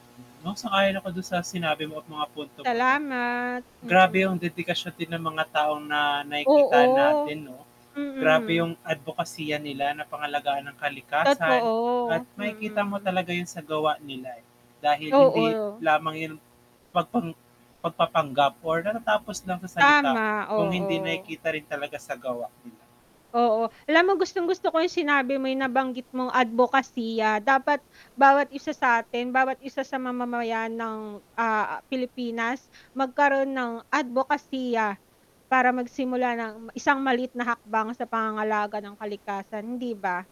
'No, sang-ayon ako dun sa sinabi mo at mga punto mo 'no. Salamat, Grabe yung mm. dedikasyon din ng mga taong na nakikita Oo. natin 'no. Grabe Mm. yung adbokasiya nila na pangalagaan ang kalikasan, at Totoo, makikita mo mm. talaga yun sa gawa nila, eh, dahil hindi Oo. lamang yan pagpang pagpapanggap or natatapos lang sa salita Tama, kung hindi oo. nakikita rin talaga sa gawa, 'di ba? Oo, alam mo gustong-gusto ko yung sinabi mo nabanggit mong adbokasiya, dapat bawat isa satin, bawat isa sa mamamayan ng, ah, Pilipinas magkaroon ng adbokasiya, para magsimula ng isang maliit na hakbang sa pangangalaga ng kalikasan, hindi ba?